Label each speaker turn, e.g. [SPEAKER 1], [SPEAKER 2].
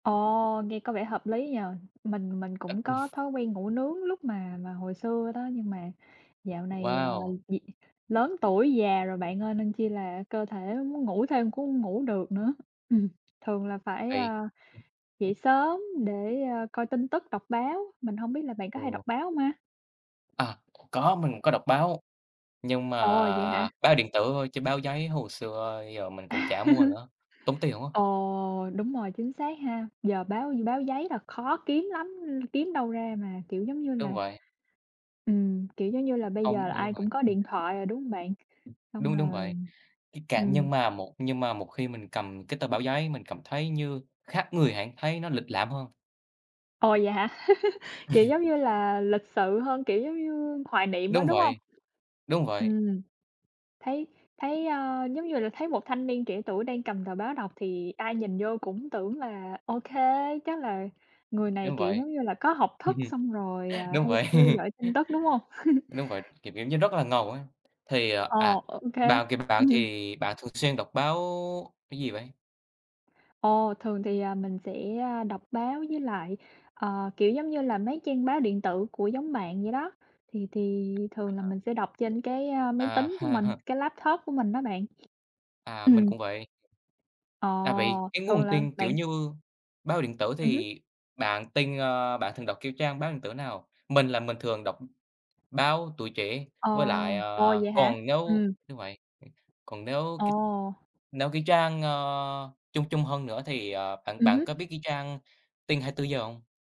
[SPEAKER 1] Ồ, nghe có vẻ hợp lý nhỉ. Mình mình cũng có thói quen ngủ nướng lúc mà mà hồi xưa đó, nhưng mà dạo này, ờ,
[SPEAKER 2] Wow.
[SPEAKER 1] gì lớn tuổi già rồi bạn ơi nên chi là cơ thể nó muốn ngủ thêm cũng hông ngủ được nữa. Ừm, thường là phải,
[SPEAKER 2] Vì?
[SPEAKER 1] a, dậy sớm để, a, coi tin tức, đọc báo, mình hổng biết là bạn có hay
[SPEAKER 2] Ừ.
[SPEAKER 1] đọc báo hông ha?
[SPEAKER 2] À, có, mình cũng có đọc báo. Nhưng mà
[SPEAKER 1] Ồ, vậy hả?
[SPEAKER 2] báo điện tử thôi chứ báo giấy hồi xưa giờ mình cũng
[SPEAKER 1] À.
[SPEAKER 2] chả mua nữa, tốn tiền quá.
[SPEAKER 1] Ồ, đúng rồi, chính xác ha. Giờ báo như báo giấy là khó kiếm lắm, ừm, kiếm đâu ra mà, kiểu, giống như
[SPEAKER 2] Đúng
[SPEAKER 1] là
[SPEAKER 2] vậy.
[SPEAKER 1] Ừm, kiểu, giống như là, bây giờ
[SPEAKER 2] Không
[SPEAKER 1] là
[SPEAKER 2] nghĩ là
[SPEAKER 1] ai
[SPEAKER 2] vậy.
[SPEAKER 1] cũng có
[SPEAKER 2] Ừ.
[SPEAKER 1] điện thoại rồi, đúng hông bạn? Xong
[SPEAKER 2] Đúng, đúng vậy.
[SPEAKER 1] rồi
[SPEAKER 2] Cái cảm nhưng
[SPEAKER 1] ừm.
[SPEAKER 2] mà nhưng mà một khi mình cầm cái tờ báo giấy, mình cảm thấy như khác người hẳn, thấy nó lịch lãm hơn.
[SPEAKER 1] Ồ, vậy hả? Kiểu, giống như là, lịch sự hơn, kiểu, giống như hoài niệm á,
[SPEAKER 2] Đúng
[SPEAKER 1] đúng hông?
[SPEAKER 2] vậy. Đúng vậy.
[SPEAKER 1] Ừm, thấy thấy, a, giống như là thấy một thanh niên trẻ tuổi đang cầm tờ báo đọc thì ai nhìn vô cũng tưởng là ô kê, chắc là người này,
[SPEAKER 2] Đúng
[SPEAKER 1] kiểu,
[SPEAKER 2] vậy,
[SPEAKER 1] giống như là, có học
[SPEAKER 2] Ừ,
[SPEAKER 1] thức
[SPEAKER 2] ừm.
[SPEAKER 1] xong rồi, à,
[SPEAKER 2] Đúng
[SPEAKER 1] hay
[SPEAKER 2] vậy.
[SPEAKER 1] theo dõi tin tức, đúng hông?
[SPEAKER 2] Đúng vậy, kiểu kiểu, như rất là ngầu ấy. Thì, ờ,
[SPEAKER 1] Ờ,
[SPEAKER 2] à,
[SPEAKER 1] ô kê.
[SPEAKER 2] bạn, kiều, bạn
[SPEAKER 1] Ừm.
[SPEAKER 2] thì bạn thường xuyên đọc báo cái gì vậy?
[SPEAKER 1] Ồ, thường thì, à, mình sẽ, a, đọc báo với lại, ờ, kiểu, giống như là, mấy trang báo điện tử của giống bạn vậy đó. Thì thì thường là
[SPEAKER 2] À.
[SPEAKER 1] mình sẽ đọc trên cái, a, máy
[SPEAKER 2] À.
[SPEAKER 1] tính của mình, cái laptop của mình đó bạn.
[SPEAKER 2] À, mình
[SPEAKER 1] Ừm.
[SPEAKER 2] cũng vậy.
[SPEAKER 1] Ờ,
[SPEAKER 2] À, vậy cái
[SPEAKER 1] thường
[SPEAKER 2] nguồn
[SPEAKER 1] là,
[SPEAKER 2] tin, kiểu
[SPEAKER 1] bạn
[SPEAKER 2] như, báo điện tử
[SPEAKER 1] Ừm hứm.
[SPEAKER 2] thì bạn tin, ơ, bạn thường đọc, kiểu, trang báo điện tử nào? Mình là mình thường đọc báo Tuổi Trẻ
[SPEAKER 1] Ờ.
[SPEAKER 2] với lại,
[SPEAKER 1] Ồ
[SPEAKER 2] ờ,
[SPEAKER 1] vậy hả?
[SPEAKER 2] còn nếu
[SPEAKER 1] Ừm.
[SPEAKER 2] như vậy, còn nếu cái
[SPEAKER 1] Ồ.
[SPEAKER 2] nếu cái trang, ơ, chung chung hơn nữa thì, ờ, bạn
[SPEAKER 1] Ừm
[SPEAKER 2] bạn
[SPEAKER 1] hứm.
[SPEAKER 2] có biết cái trang tin 24h hông?